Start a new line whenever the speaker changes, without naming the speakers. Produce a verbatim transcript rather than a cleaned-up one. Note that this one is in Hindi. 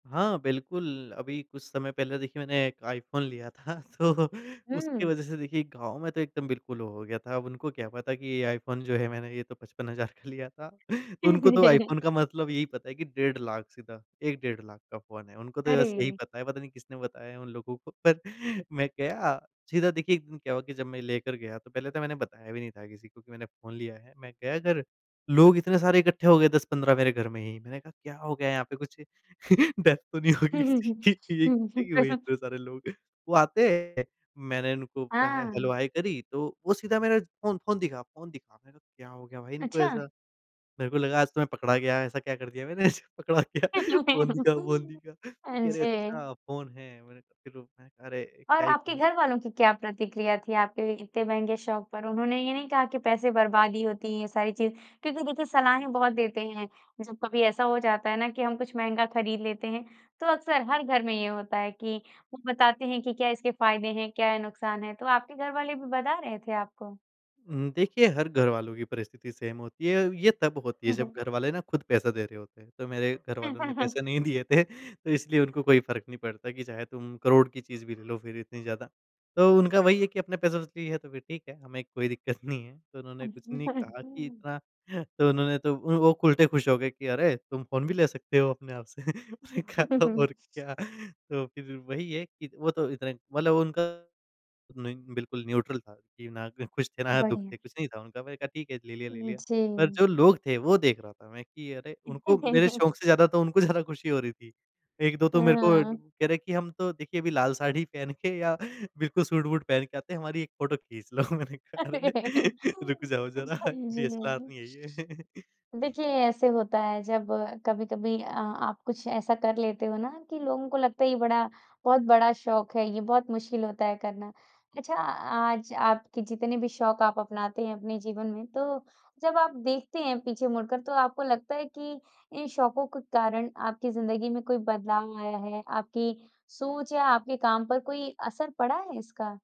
हाँ, बिल्कुल अभी कुछ समय पहले देखिए मैंने एक आईफ़ोन लिया था तो उसकी
हुँ।
वजह से देखिए गाँव में तो एकदम बिल्कुल हो हो गया था। अब उनको क्या पता कि ये आईफ़ोन जो है मैंने ये तो पचपन हज़ार का लिया था। उनको तो आईफ़ोन का मतलब यही पता है कि डेढ़ लाख सीधा एक डेढ़ लाख का फ़ोन है। उनको तो बस यही
अरे!
पता है, पता नहीं किसने बताया है उन लोगों को। पर मैं गया सीधा देखिए एक दिन क्या हुआ कि जब मैं लेकर गया तो पहले तो मैंने बताया भी नहीं था किसी को कि मैंने फ़ोन लिया है। मैं गया घर लोग इतने सारे इकट्ठे हो गए दस पंद्रह मेरे घर में ही। मैंने कहा क्या हो गया यहाँ पे, कुछ डेथ तो नहीं होगी
हुँ, हुँ,
किसी
हुँ।
की ये
हुँ,
इकट्ठे
हुँ।
क्यों हुए
पैसा
इतने सारे लोग। वो आते हैं, मैंने इनको हे हेलो
हाँ।
हाय करी तो वो सीधा मेरा फ़ोन फ़ोन दिखा, फ़ोन दिखा मैंने कहा क्या हो गया भाई इनको
अच्छा।
ऐसा। मेरे को लगा आज तो मैं पकड़ा गया ऐसा क्या कर दिया मैंने जो पकड़ा गया फ़ोन दिखा, फ़ोन दिखा
हाँ
कह रहे
जी।
अच्छा फ़ोन है मैंने कहा रोब अरे!
और
क्या ही
आपके
कहूँ।
घरवालों की क्या प्रतिक्रिया थी आपके इतने महँगे शौक पर? उन्होंने ये नहीं कहा कि पैसे बर्बादी होती हैं ये सारी चीज़ें? क्योंकि देखिए सलाहें बहुत देते हैं जब कभी ऐसा हो जाता है ना कि हम कुछ महँगा ख़रीद लेते हैं। तो अक्सर हर घर में ये होता है कि वो बताते हैं कि क्या इसके फ़ायदे हैं, क्या नुक़सान है। तो आपके घर वाले भी बता रहे थे आपको?
हुँ, देखिए हर घरवालों की परिस्थिति सेम होती है, ये ये तब होती है
हुँ,
जब
हुँ।
घर वाले ना खुद पैसा दे रहे होते हैं। तो मेरे घरवालों ने पैसे नहीं दिए थे। तो इसलिए उनको कोई फ़र्क नहीं पड़ता कि चाहे तुम करोड़ की चीज़ भी ले लो, फ़िर इतनी ज़्यादा। तो उनका वही है कि अपने पैसों से ली है तो फ़िर ठीक है, हमें कोई दिक्कत नहीं है। तो उन्होंने कुछ नहीं कहा कि इतना तो उन्होंने तो वो खु उल्टे ख़ुश हो गए कि अरे! तुम फ़ोन भी ले सकते हो अपने आप से। मैंने कहा
हुँ, हुँ,
तो
हुँ।
और क्या, तो फ़िर वही है कि वो तो इतना मतलब उनका नहीं, बिल्कुल न्यूट्रल था कि ना ख़ुश थे, ना दुःख
बढ़िया।
थे, कुछ नहीं था उनका मैंने कहा ठीक है, ले लिया, ले
उ,
लिया। पर
जी।
जो लोग थे वो देख रहा था मैं कि अरे! उनको मेरे शौक़ से ज़्यादा तो उनको ज़्यादा ख़ुशी हो रही थी। एक दो तो मेरे को
हुँ।
कह रहे हैं कि हम तो देखिए अभी लाल साड़ी पहन के या बिल्कुल सूट-वूट पहन के आते हैं। हमारी एक फ़ोटो खींच लो मैंने कहा
अरे!
अरे! रुक जाओ ज़रा
अच्छा
डीएसएलआर
जी।
नहीं है ये।
देखिए, ऐसे होता है जब अ, कभी-कभी अ, आप कुछ ऐसा कर लेते हो ना कि लोगों को लगता है ये बड़ा बहुत बड़ा शौक है, ये बहुत मुश्किल होता है करना। अच्छा, आज आपके जितने भी शौक आप अपनाते हैं अपने जीवन में। तो जब आप देखते हैं पीछे मुड़कर, तो आपको लगता है कि इन शौकों के कारण आपकी ज़िंदगी में कोई बदलाव आया है? आपकी सोच या आपके काम पर कोई असर पड़ा है इसका?